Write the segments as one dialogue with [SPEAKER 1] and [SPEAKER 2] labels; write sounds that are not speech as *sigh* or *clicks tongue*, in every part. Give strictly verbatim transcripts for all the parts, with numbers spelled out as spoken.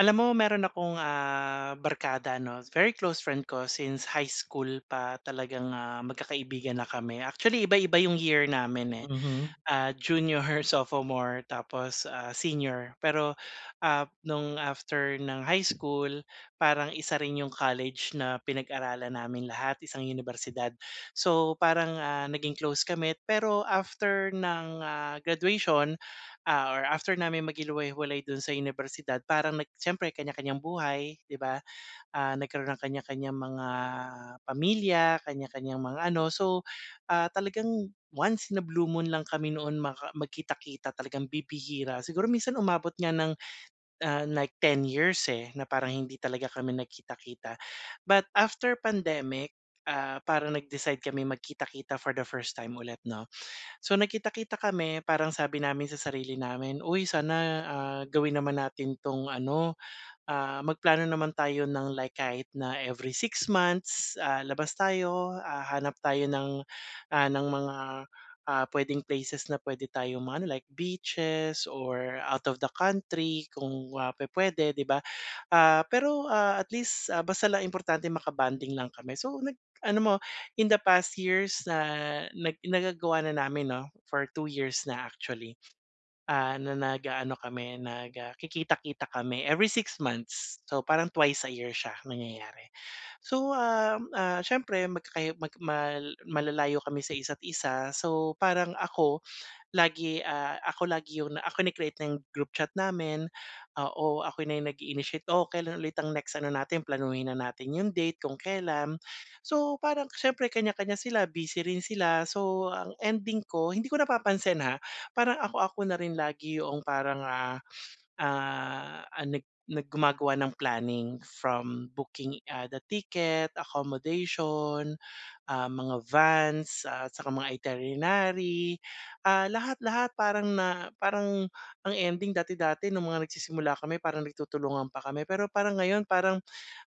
[SPEAKER 1] Alam mo, mayroon akong, ah, barkada ano, very close friend ko since high school pa talagang, ah, magkakaibigan na kami. Actually iba-iba 'yong year namin eh,
[SPEAKER 2] Mhm.
[SPEAKER 1] ah, junior, her sophomore, tapos, ah, senior. Pero, ah, no'ng after ng high school, parang isa rin 'yong college na pinag-aralan namin lahat, isang unibersidad. So parang, ah, naging close kami. Pero after ng graduation, ah, or after namin maghiliway maghiwalay doon sa unibersidad, parang nag siyempre kaniya-kaniyang buhay, 'di ba. Ah, nagkaroon ng kanya-kaniyang mga pamilya. Kaniya-kaniyang mga ano, so, ah, talagang once in a blue moon l ang kami noon maka magkita-kita, talagang bibihira. Siguro minsan umabot nga ng, ah, nag-ten years eh, na parang hindi talaga kami nagkita-kita. But, after pandemic, ah, parang nag-decide kaming magkita-kita for the first time ulit, 'no. So nagkita-kita kami parang sabi namin sa sarili namin, "Uy sana, ah, gawin naman natin 'tong ano, ah, magplano naman tayo ng like kahit na every six months, ah, labas tayo. Ah, hanap tayo ng, ah, ng mga, ah, pwedeng places na pwede tayong mag ano, like beaches or out of the country kung, ah, pwe-pwede, 'di ba?" Ah, pero, ah, at least, ah, basta lang importante maka-bonding lang kami, so nag ano mo, in the past years na nag nagagawa na namin 'no, for two years na, actually. Ah, na nag-aano kami nagakikita-kita kami every six months. So, parang twice a year siya nangyayari. So, ah, ah, siyempre, magkakayo mag malalayo kami sa isa't isa, so parang ako lagi, ah, ako lagi yung, ah, kini-create ko yung group chat namin. Oo, ako na yung nag-i-initiate, oh, kailan ulit ang next ano natin, planuhin na natin yung date kung kailan. So parang siyempre, kanya-kanya sila, busy rin sila. So ang ending ko, hindi ko napapansin ha, parang ako-ako na rin lagi yung parang, ah, ah, nag nag gumagawa ng planning from booking, ah, the ticket, accommodation, ah, mga vans at tsaka mga iterinary, ah, lahat-lahat, parang na parang, ang ending dati-dati nung mga nagsisimula kami parang nagtutulungan pa kami, pero parang ngayon, parang,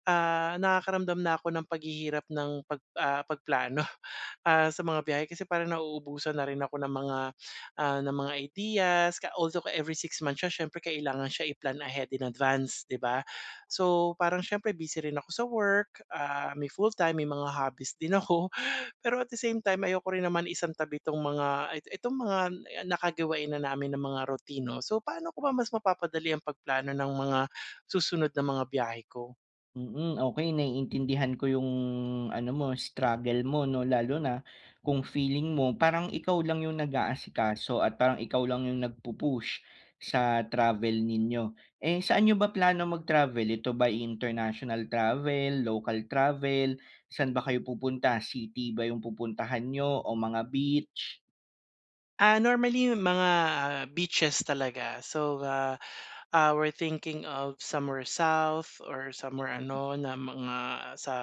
[SPEAKER 1] ah, nakakaramdam na ako ng paghihirap ng pag ah, pagplano, ah, sa mga biyahe, kasi parang nauubusan na rin ako ng mga ng mga ideas, ka also, every six months siya siyempre kailangan siya iplan ahead in advance, 'di ba. So, parang siyempre busy rin ako sa work, ah, may fulltime may mga hobbies din ako. Pero at the same time, ayoko rin naman isang tabi 'tong mga itong mga nakagawain na namin ng mga routine 'no, so paano ko ba mas mapapadali ang pagplano ng mga susunod na mga biyahe ko?
[SPEAKER 2] Mm, okey naiintindihan ko 'yong ano mo struggle mo 'no, lalo na kung feeling mo parang ikaw lang 'yong nag-aasikaso at parang ikaw lang 'yong nagpu-push sa travel ninyo. Eh, saan n'yo ba plano mag-travel? Ito ba'y international travel, local travel? Saan ba kayo pupunta, city ba 'yong pupuntahan n'yo o mga beach?
[SPEAKER 1] Ah, normally yung mga beaches talaga. So, ah, ah, we're thinking of somewhere south or somewhere
[SPEAKER 2] Mm.
[SPEAKER 1] ano na mga sa,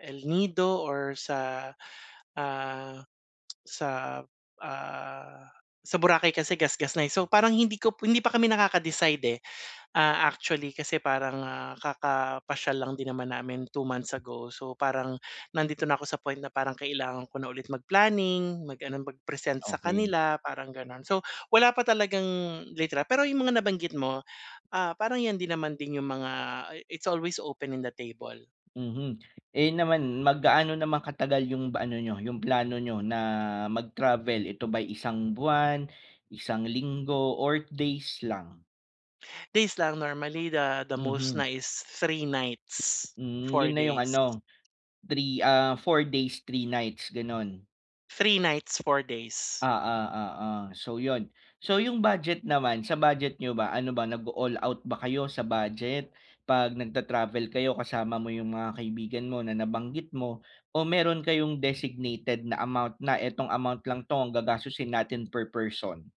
[SPEAKER 1] El Nido or sa, ah, sa, ah, sa Boracay kasi gasgas na eh. So, parang hindi ko hindi pa kami nakaka-decide, eh. Ah, actually kasi parang, ah, kakapasyal lang din naman namin 2 months ago. So, parang nandito na ako sa point na parang kailangan ko na ulit mag planning mag ano mag-present sa
[SPEAKER 2] Okey.
[SPEAKER 1] kanila parang gano'n. So, wala pa talagang litra pero yung mga nabanggit mo, ah, parang 'yan din naman din yung mga it's always open in the table.
[SPEAKER 2] Mhm. Eh, yun naman mag gaano naman katagal yung ba ano nyo yung plano nyo na mag-travel, ito ba'y isang buwan, isang linggo or days lang?
[SPEAKER 1] Days lang normally the the most
[SPEAKER 2] Mhm.
[SPEAKER 1] nice three nights
[SPEAKER 2] Hmm,
[SPEAKER 1] four
[SPEAKER 2] 'yon na yung
[SPEAKER 1] days.
[SPEAKER 2] ano, three ah, four days three nights gano'n?
[SPEAKER 1] Three nights, four days.
[SPEAKER 2] Oo, oo. So 'yon, so yung budget naman sa budget n'yo ba ano ba nag-o-all out ba kayo sa budget pag nag-ta-travel kayo kasama mo yung mga kaibigan mo na nabanggit mo o mayro'n kayong designated na amount na itong amount lang 'to ang gagastusin natin per person?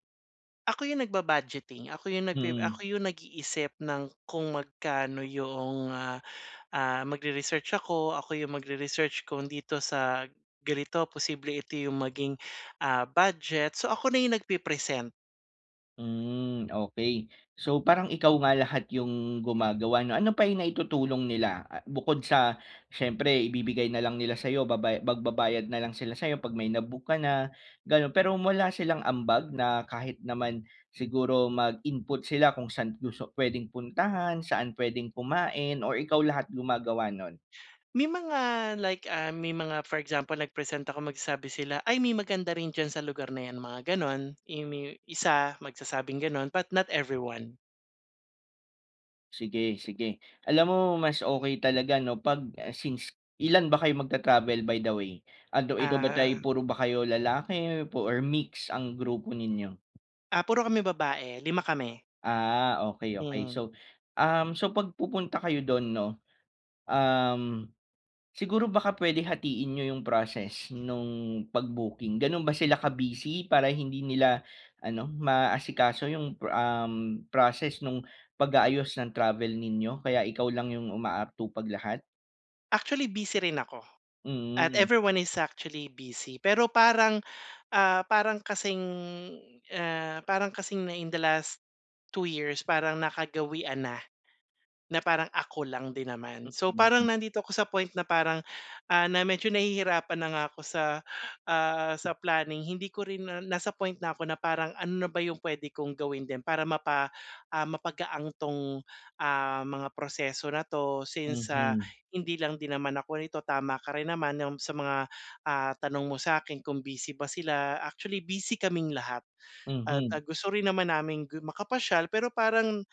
[SPEAKER 1] Ako 'yong nag-ba-budgeting, ako 'yong nagpre
[SPEAKER 2] Mm.
[SPEAKER 1] ako 'yong nag-iisip ng kung magkano 'yong, ah, ah, mag-re-research ako, ako 'yong mag-re-research kung dito sa ganito posible ito 'yong maging, ah, budget, so ako na 'yong nag-pi-present.
[SPEAKER 2] Hmm, okey. So parang ikaw nga lahat 'yong gumagawa 'no? Ano pa yung naitutulong nila a bukod sa siyempre ibibigay na lang nila sa'yo babaya magbabayad na lang sila sa'yo 'pag may na-book ka na gano'n. Pero wala silang ambag na kahit naman siguro mag-input sila kung saan gusto puwedeng puntahan saan puwedeng kumain o ikaw lahat gumagawa no'n?
[SPEAKER 1] May mga like, ah, may mga for example nagpresent ako magsasabi sila, "Ay may maganda rin diyan sa lugar na yan." Mga gano'n. Eh, may isa magsasabing gano'n, but not everyone.
[SPEAKER 2] Sige, sige. Alam mo mas okey talaga 'no 'pag, ah since, ilan ba kayo mag-ta-travel by the way? Although ito ba tay
[SPEAKER 1] Ah.
[SPEAKER 2] puro ba kayo lalaki or pu or mix ang grupo ninyo?
[SPEAKER 1] Ah puro kami babae, lima kami.
[SPEAKER 2] Ah okey, okey.
[SPEAKER 1] Mm.
[SPEAKER 2] So um, so pag pupunta kayo do'n 'no, um, siguro baka puwede hatiin n'yo 'yong process nung pag-booking. Gano'n ba sila ka-busy para hindi nila ano, maasikaso 'yong pro um, process nung pag-aayos ng travel ninyo, kaya ikaw lang 'yong umaatupag lahat?
[SPEAKER 1] Actually busy rin ako, at
[SPEAKER 2] Mm.
[SPEAKER 1] everyone is actually busy, pero parang ah, parang kasing, ah, parang kasing na in the last two years parang nakagawian na, na parang ako lang din naman. So
[SPEAKER 2] Hmm,
[SPEAKER 1] parang
[SPEAKER 2] hmm.
[SPEAKER 1] nandito ako sa point na parang, ah, na medyo nahihirapan na nga ako sa, ah, sa planning. Hindi ko rin na nasa point na ako na parang, ano na ba yung pwede kong gawin din, para mapa ah mapagaan 'tong, ah, mga proseso na 'to since, ah,
[SPEAKER 2] Mhm.
[SPEAKER 1] hindi lang din naman ako nito, tama ka rin naman, yung sa mga, ah, tanong mo sa'kin kung busy ba sila. Actually busy kaming lahat, at
[SPEAKER 2] Mhm.
[SPEAKER 1] ah gusto rin naman naming gu makapasyal, pero parang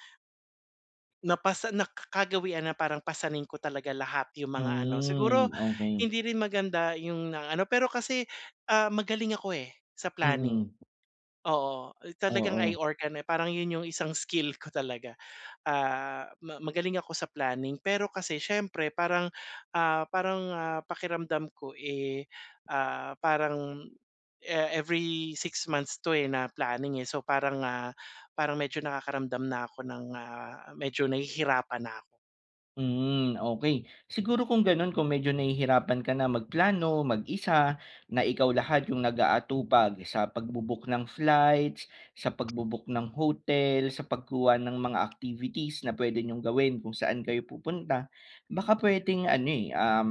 [SPEAKER 1] Napasa naka kagawian na parang pasanin ko talaga lahat yung mga ano. Siguro
[SPEAKER 2] Hmm, okey.
[SPEAKER 1] hindi rin maganda 'yong na-ano, pero kasi, ah, magaling ako, eh, sa planning.
[SPEAKER 2] Mm.
[SPEAKER 1] Oo, uh, talagang I
[SPEAKER 2] Oo.
[SPEAKER 1] organ eh, parang 'yon 'yong isang skill ko talaga. Ah, ma magaling ako sa planning. Pero kasi siyempre parang, ah parang, ah, pakiramdam ko, eh, ah, parang e every six months 'to eh, na planning, eh. So parang, ah, parang medyo nakakaramdam na ako ng, ah, medyo nahihirapan na ako.
[SPEAKER 2] Mm, okey. Siguro kung ganun, kung medyo nahihirapan ka na magplano mag-isa, na ikaw lahat yung nagaatupag sa pagbu-book ng flights, sa pagbu-book ng hotel, sa pagkuha ng mga activities na pwede niyong gawin kung saan kayo pupunta. Baka pwedeng ano, eh, um,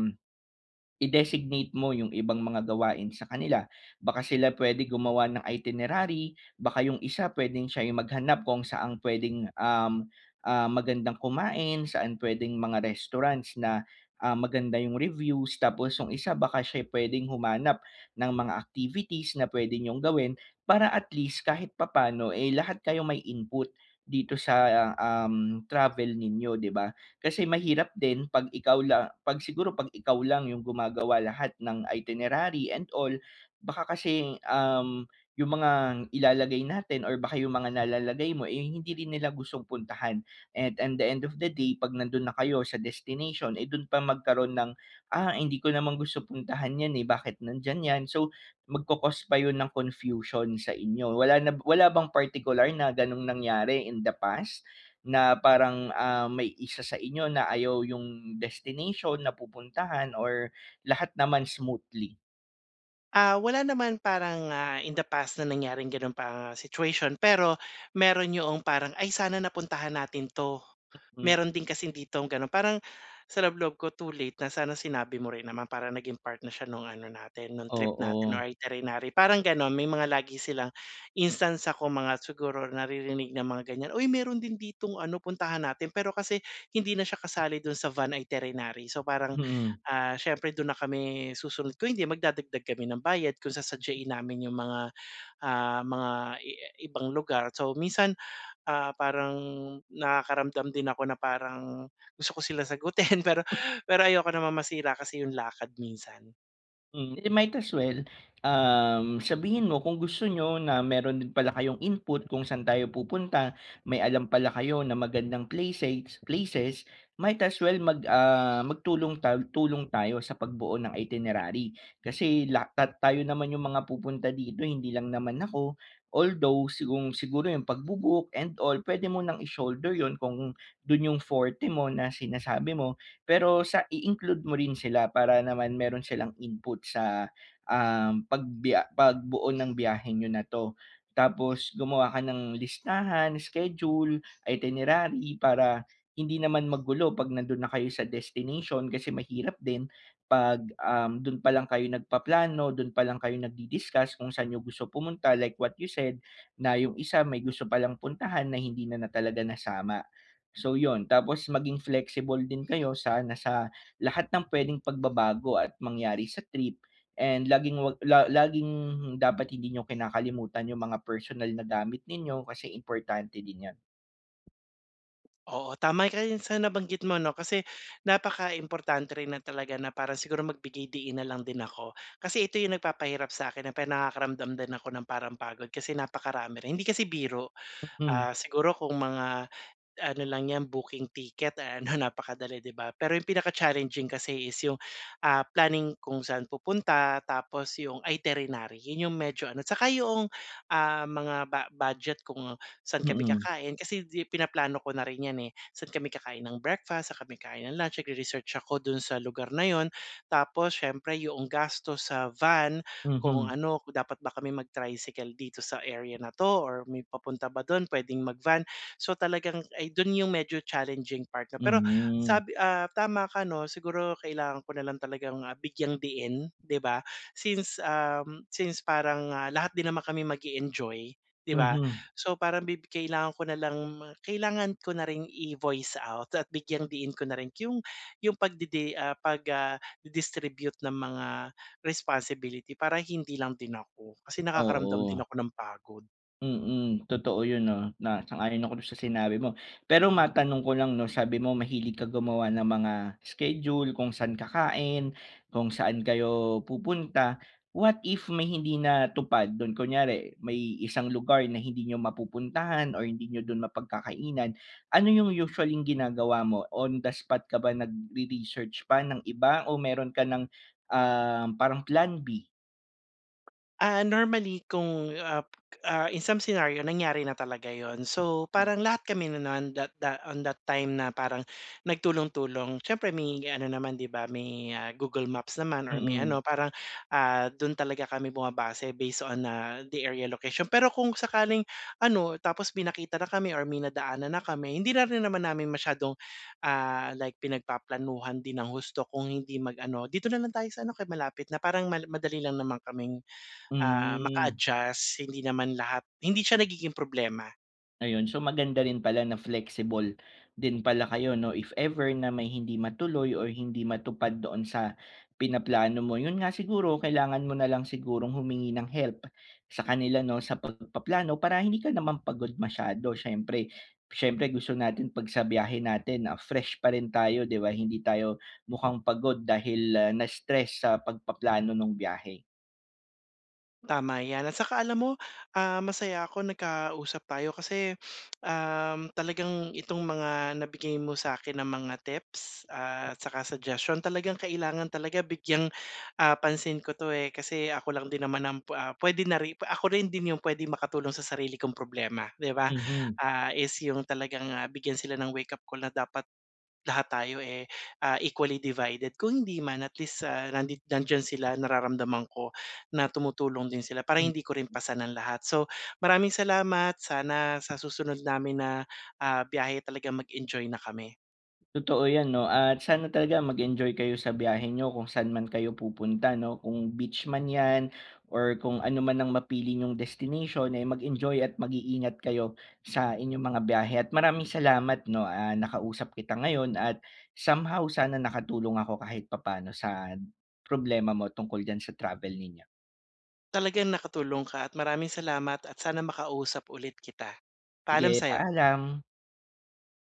[SPEAKER 2] i-designate mo yung ibang mga gawain sa kanila. Baka sila pwede gumawa ng itinerary. Baka 'yong isa puwedeng siya yung maghanap kung saang pwedeng, um, ah, magandang kumain, saan pwedeng mga restaurants na, ah, maganda 'yong reviews, tapos yung isa baka siya'y pwedeng humanap ng mga activities na pwedeng niyong gawin. Para at least, kahit papaano, eh, lahat kayo may input dito sa, ah, um, travel ninyo, 'di ba? Kasi mahirap din 'pag ikaw lang, 'pag siguro, 'pag ikaw lang 'yong gumagawa lahat ng itinerary and all, baka kasing, um, 'yong mga ilalagay natin or baka 'yong mga nalalagay mo eh, hindi rin nila gustong puntahan. And, in the end of the day, 'pag nandun na kayo sa destination eh, dun pa magkaroon ng, ah, hindi ko naman gusto puntahan yan, eh, bakit nandyan yan? So magco-cause pa yun ng confusion sa inyo. Wala na b wala bang partikular na ganong nangyari in the past, na parang, ah, may isa sa inyo na ayaw yung destination na pupuntahan or lahat naman smoothly?
[SPEAKER 1] Ah, wala naman parang, ah, in the past na nangyaring ganong pa situation pero meron yo'ong parang ay sana napuntahan natin 'to.
[SPEAKER 2] Mm.
[SPEAKER 1] Meron din kasing ditong gano'n parang sa loob-loob ko too late na sana sinabi mo rin naman para naging part na siya no'ng ano natin no'ng trip natin
[SPEAKER 2] Oo.
[SPEAKER 1] o iterinary. Parang gano'n may mga lagi silang instance, ah, kung mga siguro naririnig na mga ganyan, "Uy meron din ditong ano puntahan natin." Pero kasi hindi na siya kasali do'n sa van iterinary. So parang,
[SPEAKER 2] Mm.
[SPEAKER 1] ah, siyempre dun na kami susunod ko hindi magdadagdag kami ng bayad kung sa sasadyahin namin 'yung mga, ah, mga i ah, ibang lugar. So minsan, ah, parang nakakaramdam din ako na parang gusto ko sila sagutin pero pero ayoko namang masira kasi 'yung lakad minsan.
[SPEAKER 2] Hmm. Eh di might as well, um, sabihin mo kung gusto niyo na meron din pala kayong input kung saan tayo pupunta, may alam pala kayo na magandang places places, might as well mag, ah, magtulong ta tulong tayo sa pagbuo ng itinerary. Kasi lahat tayo naman 'yong mga pupunta dito hindi lang naman ako. Although sigung siguro 'yong pagbu-book and all puwede mo nang i-shoulder 'yon kung do'n 'yong forte mo na sinasabi mo pero sa i-include mo rin sila para naman meron silang input sa, um, pagbiya pagbuo ng biyahe niyo na 'to. Tapos gumawa ka ng listahan, schedule, itinerary para hindi naman magulo 'pag nandun na kayo sa destination kasi mahirap din pag, um, dun pa lang kayo nagpaplano dun pa lang kayo nag-di-discuss kung saan 'yung gusto pumunta, like what you said, na 'yung isa may gusto palang puntahan na hindi na na talaga nasama. So 'yun tapos maging flexible din kayo sana lahat ng pwedeng pagbabago at mangyari sa trip and laging 'wag la laging dapat hindi niyo kinakalimutan 'yung mga personal na gamit ninyo kasi importante din 'yan.
[SPEAKER 1] Oo, tamay ka yan sa nabanggit mo 'no, kasi, napakaimportante rin na talaga na parang siguro magbigay-diin na lang din ako. Kasi ito 'yong nagpapahirap sa'kin na pe nakakaramdam din ako ng parang pagod kasi napakarami rin, hindi kasi biro.
[SPEAKER 2] Mm.
[SPEAKER 1] Ah, siguro kung mga ano lang yan booking ticket ano napakadali, 'di ba? Pero 'yong pinaka-challenging kasi is 'yong, ah, planning kung saan pupunta, tapos 'yong iterinary. 'Yon 'yong medyo ano, tsaka yong, um, mga bu-budget kung saan kami
[SPEAKER 2] Mm.
[SPEAKER 1] kakain, kasi 'di pinaplano ko na rin 'yan eh. Saan kami kakain ng breakfast, saan kami kain ng lunch, nag-re-research ako dun sa lugar na 'yon, tapos siyempre yong gastos sa van, kung
[SPEAKER 2] Mhm.
[SPEAKER 1] ano, kung dapat ba kami mag-tricycle dito sa area na 'to, or may papunta ba do'n, puwedeng mag-van. So talagang ay dun, 'yong medyo challenging part na, pero
[SPEAKER 2] Mm.
[SPEAKER 1] sabi, ah, tama ka 'no, siguro kailangan ko na lang talagang ah, bigyang-diin, 'di ba? Since, um, since parang, ah, lahat din naman kami mag-e-enjoy, 'di ba,
[SPEAKER 2] Mhm.
[SPEAKER 1] so parang bi kailangan ko na lang kailangan ko na ring i-voice out at bigyang-diin ko na rin 'yong 'yong pag-di-di, ah, pag, ah, di-distribute ng mga responsibility, para hindi lang din ako, kasi nakakaramdam din
[SPEAKER 2] Oo.
[SPEAKER 1] ako ng pagod.
[SPEAKER 2] Mm, totoo 'yon 'no, na sang-ayon ako dun sa sinabi mo. Pero matanong ko lang 'no, sabi mo mahilig ka gumawa ng mga schedule kung saan kakain, kung saan kayo pupunta. What if may hindi natupad dun, kunyari may isang lugar na hindi niyo mapupuntahan or hindi n'yo do'n mapagkakainan, ano 'yong usually ginagawa mo. On the spot ka ba nag re-research pa ng iba o meron ka ng, ah, parang plan b?
[SPEAKER 1] Ah, normally kung, ah, ah, in some scenario, nangyari na talaga yun. So
[SPEAKER 2] Hm.
[SPEAKER 1] parang lahat kami na no'n da da on that time na parang nagtulong-tulong. Syempre may ano naman 'di ba, may, ah, Google Maps naman or may
[SPEAKER 2] Mm.
[SPEAKER 1] ano, parang, ah, dun talaga kami bumabase, based on, ah, the area location. Pero kung sakaling ano, tapos may nakita na kami or may nadaanan na kami, hindi na rin naman namin masyadong, ah, like pinagpaplanuhan din ng husto, kung hindi mag-ano, "dito na lang tayo sa ano, kaya malapit na," parang mal madali lang naman kaming, ah,
[SPEAKER 2] Mm.
[SPEAKER 1] maka-adjust hindi naman lahat, hindi siya nagiging problema.
[SPEAKER 2] Ayun, so maganda rin pala na flexible din pala kayo, 'no? If ever na may hindi matuloy or hindi matupad doon sa pinaplano mo. 'Yon nga siguro kailangan mo na lang sigurong humingi ng help sa kanila 'no sa pagpaplano para hindi ka naman pagod masyado siyempre. Siyempre gusto natin 'pag sa biyahe natin, ah, fresh pa rin tayo, 'di ba? Hindi tayo mukhang pagod dahil na-stress sa pagpaplano nung biyahe.
[SPEAKER 1] Tama 'yan. At saka alam mo, um, masaya ako nagkausap tayo kasi, *sniffs* *clicks tongue* um, talagang itong mga nabigay mo sa'kin na mga tips at saka suggestion. Talagang kailangan talaga bigyang, ah, pansin ko 'to eh. Kasi ako lang din naman ang, ah, pwede na ri ako rin din 'yung pwede makatulong sa sarili kong problema, 'di ba?
[SPEAKER 2] Mhm.
[SPEAKER 1] Ah, is 'yung talagang, ah, bigyan sila ng wake-up call na dapat lahat tayo eh, ah, equally divided. Kung hindi man at least, ah, nandi nandiyan sila nararamdaman ko na tumutulong din sila para
[SPEAKER 2] Hmm.
[SPEAKER 1] hindi ko rin pasan ang lahat. So maraming salamat sana sa susunod namin na, ah, biyahe talagang mag-enjoy na kami.
[SPEAKER 2] Totoo 'yan no. At sana talaga mag enjoy kayo sa biyahe niyo kung saan man kayo pupunta no. Kung beach man 'yan or kung ano man ang mapili 'yung destination ay mag-enjoy at mag-iingat kayo sa inyong mga biyahe. At maraming salamat no, ah, nakausap kita ngayon. At somehow sana nakatulong ako kahit papaano sa problema mo tungkol diyan sa travel ninyo.
[SPEAKER 1] Talagang nakatulong ka at maraming salamat at sana makausap ulit kita. Paalam
[SPEAKER 2] Sige,
[SPEAKER 1] sa'yo.
[SPEAKER 2] paalam.